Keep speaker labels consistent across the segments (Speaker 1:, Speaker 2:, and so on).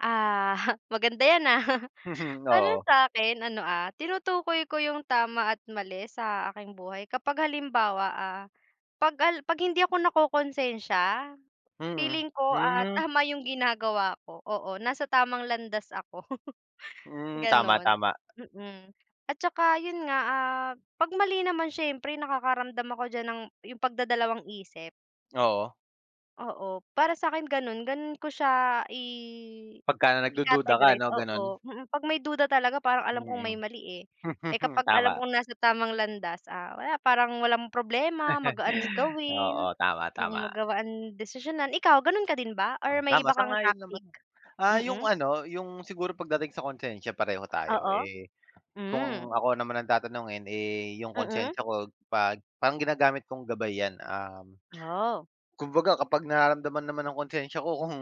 Speaker 1: Aha, maganda yan, ah, para
Speaker 2: Oo.
Speaker 1: sa 'kin ano, ah, tinutukoy ko yung tama at mali sa aking buhay kapag halimbawa, ah, 'pag al 'pag hindi ako nakokonsensya
Speaker 2: Mm,
Speaker 1: feeling ko at
Speaker 2: mm.
Speaker 1: tama yung ginagawa ko, oo nasa tamang landas ako.
Speaker 2: Hmm, tama
Speaker 1: Gano'n,
Speaker 2: tama.
Speaker 1: mm, at saka yun nga, ah, 'pag mali naman siyempre nakakaramdam ako diyan ng yung pagdadalawang isip.
Speaker 2: Oo.
Speaker 1: Oo, para sa 'kin gano'n, gano'n ko siya i
Speaker 2: Pagka na nagdududa ka
Speaker 1: i-categorize
Speaker 2: 'no, gano'n.
Speaker 1: oo, mm, 'pag may duda talaga parang alam kong may
Speaker 2: Mm.
Speaker 1: mali, eh. Eh, kapag alam
Speaker 2: Tama.
Speaker 1: kong nasa tamang landas, ah, wala parang walang problema, magaan gawin,
Speaker 2: Oo, tama
Speaker 1: mm,
Speaker 2: tama.
Speaker 1: magawaan desisyonan ikaw gano'n ka din ba or may
Speaker 2: Tama
Speaker 1: iba kang
Speaker 2: sang-ayon naman.
Speaker 1: tactic?
Speaker 2: Ah, yung
Speaker 1: Mm.
Speaker 2: ano yung siguro pagdating sa konsensya pareho tayo,
Speaker 1: Oo,
Speaker 2: eh,
Speaker 1: hmm.
Speaker 2: kung ako naman ang tatanungin, eh, yung
Speaker 1: Mm.
Speaker 2: konsensya ko 'pag parang ginagamit kong gabay 'yan, um,
Speaker 1: Oh.
Speaker 2: kumbaga kapag nararamdaman naman ang konsensya ko kung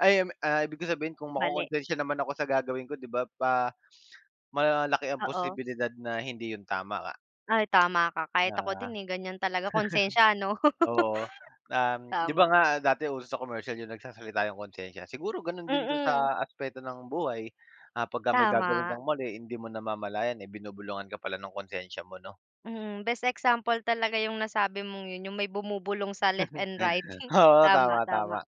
Speaker 2: ay, um ah, ibig ko sabihin kung
Speaker 1: Mali.
Speaker 2: makokonsensya naman ako sa gagawin ko 'di ba pa malaki ang
Speaker 1: Oo.
Speaker 2: posibilidad na hindi yun tama
Speaker 1: Ay, tama ka
Speaker 2: na
Speaker 1: kahit ako din, eh, ganyan talaga konsensya 'no?
Speaker 2: Oo, um, 'di ba
Speaker 1: Tama.
Speaker 2: nga dati uso sa commercial yung nagsasalita yung konsensya siguro gano'n din do'n
Speaker 1: Mm.
Speaker 2: sa aspeto ng buhay, ah, pagka may gagawin
Speaker 1: Tama.
Speaker 2: kang mali hindi mo namamalayan, eh, binubulungan ka pala ng konsensya mo 'no?
Speaker 1: Mm, best example talaga yung nasabi mong yun yung may bumubulong sa left and right,
Speaker 2: Oo, tama
Speaker 1: tama
Speaker 2: tama,
Speaker 1: tama.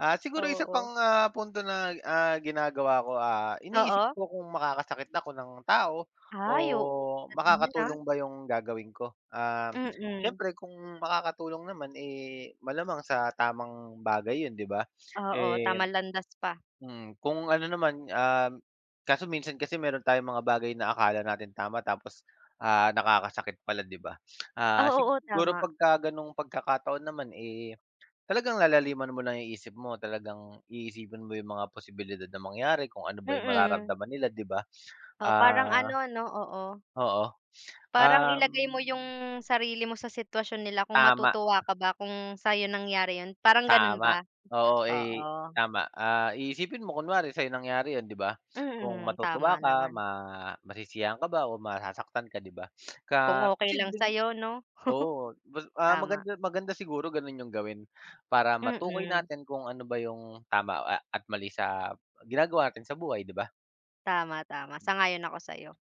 Speaker 2: ah, siguro isa
Speaker 1: Oo.
Speaker 2: pang, ah, punto na, ah, ginagawa ko, ah, iniisip
Speaker 1: Oo.
Speaker 2: ko kung makakasakit ako ng tao o
Speaker 1: Ay, o Dating niya, ah.
Speaker 2: makakatulong ba yung gagawin ko. Um,
Speaker 1: Mm.
Speaker 2: siyempre kung makakatulong naman, eh, malamang sa tamang bagay yun 'di ba,
Speaker 1: Oo
Speaker 2: eh.
Speaker 1: tamang landas pa.
Speaker 2: Mm, kung ano naman um, kaso minsan kasi mayro'n tayong mga bagay na akala natin tama tapos, ah, nakakasakit pala 'di ba? Ah,
Speaker 1: Ah, oo
Speaker 2: siguro
Speaker 1: tama.
Speaker 2: pagka ganung pagkakataon naman, eh, talagang lalaliman mo lang isip mo, talagang iisipin mo yung mga posibilidad na mangyari kung ano ba yung
Speaker 1: Mm.
Speaker 2: mararamdaman nila 'di ba,
Speaker 1: Oo, parang
Speaker 2: ah.
Speaker 1: ano 'no, oo.
Speaker 2: Oo,
Speaker 1: Parang ilagay
Speaker 2: um
Speaker 1: mo yung sarili mo sa sitwasyon nila kung
Speaker 2: Tama.
Speaker 1: matutuwa ka ba kung sayo nangyari yun, parang gano'n ba?
Speaker 2: Tama. Oo, eh,
Speaker 1: Oo.
Speaker 2: tama. Ah, i isipin mo kunwari sa'yo nangyari yun 'di ba, kung
Speaker 1: Mhm,
Speaker 2: matutuwa
Speaker 1: tama
Speaker 2: ka
Speaker 1: naman.
Speaker 2: ma masisiyahan ka ba o masasaktan ka 'di ba, ka
Speaker 1: Kung okey lang
Speaker 2: posibleng,
Speaker 1: sayo 'no.
Speaker 2: oo mas ah,
Speaker 1: Tama.
Speaker 2: maganda maganda siguro gano'n yung gawin para matukoy
Speaker 1: Mm.
Speaker 2: natin kung ano ba yung tama a at mali sa ginagawa natin sa buhay 'di ba?
Speaker 1: Tama, tama sang-ayon ako sa'yo.